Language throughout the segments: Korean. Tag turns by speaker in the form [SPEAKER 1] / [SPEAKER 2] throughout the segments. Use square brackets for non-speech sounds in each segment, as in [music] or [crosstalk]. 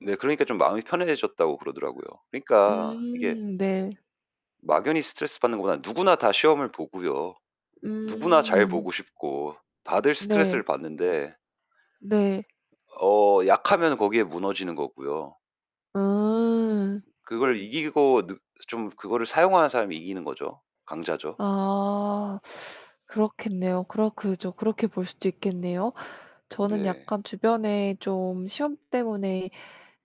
[SPEAKER 1] 네. 그러니까 좀 마음이 편해지셨다고 그러더라고요. 그러니까 이게
[SPEAKER 2] 음 네.
[SPEAKER 1] 막연히 스트레스 받는 것보다 누구나 다 시험을 보고요. 누구나 잘
[SPEAKER 2] 음.
[SPEAKER 1] 보고 싶고 다들 스트레스를
[SPEAKER 2] 네.
[SPEAKER 1] 받는데
[SPEAKER 2] 네.
[SPEAKER 1] 어 약하면은 거기에 무너지는 거고요.
[SPEAKER 2] 아.
[SPEAKER 1] 그걸 이기고 느 좀 그거를 사용하는 사람이 이기는 거죠. 강자죠.
[SPEAKER 2] 아. 그렇겠네요. 그렇 그죠. 그렇게 볼 수도 있겠네요. 저는
[SPEAKER 1] 네.
[SPEAKER 2] 약간 주변에 좀 시험 때문에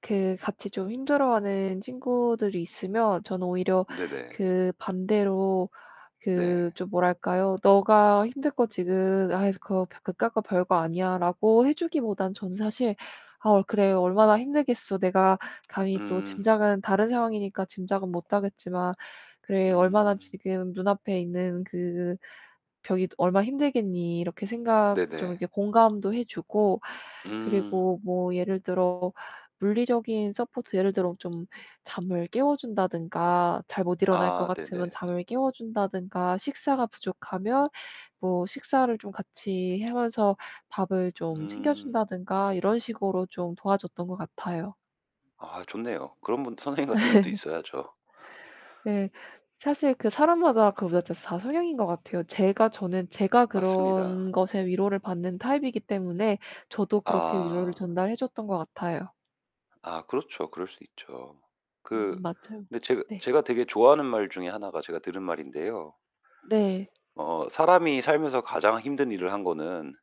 [SPEAKER 2] 그 같이 좀 힘들어하는 친구들이 있으면 저는 오히려
[SPEAKER 1] 네네.
[SPEAKER 2] 그 반대로
[SPEAKER 1] 네.
[SPEAKER 2] 그 좀 뭐랄까요? "네가 힘들 거 지금 아이 그거 벼 그깟 거 별거 아니야."라고 해 주기보다는 저는 사실 "아 어 그래 얼마나 힘들겠어. 내가 감히 또
[SPEAKER 1] 음.
[SPEAKER 2] 짐작은 다른 상황이니까 짐작은 못하겠지만 그래 얼마나
[SPEAKER 1] 음.
[SPEAKER 2] 지금 눈앞에 있는 그 벽이 얼마나 힘들겠니?" 이렇게 생각 좀
[SPEAKER 1] 네네.
[SPEAKER 2] 이렇게 공감도 해 주고
[SPEAKER 1] 음.
[SPEAKER 2] 그리고 뭐 예를 들어 물리적인 서포트 예를 들어 좀 잠을 깨워 준다든가 잘 못 일어날 것
[SPEAKER 1] 아
[SPEAKER 2] 같으면
[SPEAKER 1] 네네.
[SPEAKER 2] 잠을 깨워 준다든가 식사가 부족하면 뭐 식사를 좀 같이 하면서 밥을 좀 챙겨
[SPEAKER 1] 음.
[SPEAKER 2] 준다든가 이런 식으로 좀 도와줬던 것 같아요.
[SPEAKER 1] 아 좋네요. 그런 분 선생님 같은 분도
[SPEAKER 2] [laughs]
[SPEAKER 1] 있어야죠.
[SPEAKER 2] 예. 사실 그 사람마다 그보다도 다 성향인 것 같아요. 제가 저는 제가
[SPEAKER 1] 맞습니다.
[SPEAKER 2] 그런 것에 위로를 받는 타입이기 때문에 저도 그렇게 위로를
[SPEAKER 1] 아.
[SPEAKER 2] 전달해 줬던 것 같아요.
[SPEAKER 1] 아 그렇죠. 그럴 수 있죠. 그
[SPEAKER 2] 음 맞아요.
[SPEAKER 1] 근데 제그
[SPEAKER 2] 네.
[SPEAKER 1] 제가 되게 좋아하는 말 중에 하나가 제가 들은 말인데요.
[SPEAKER 2] 네.
[SPEAKER 1] 어 사람이 살면서 가장 힘든 일을 한 거는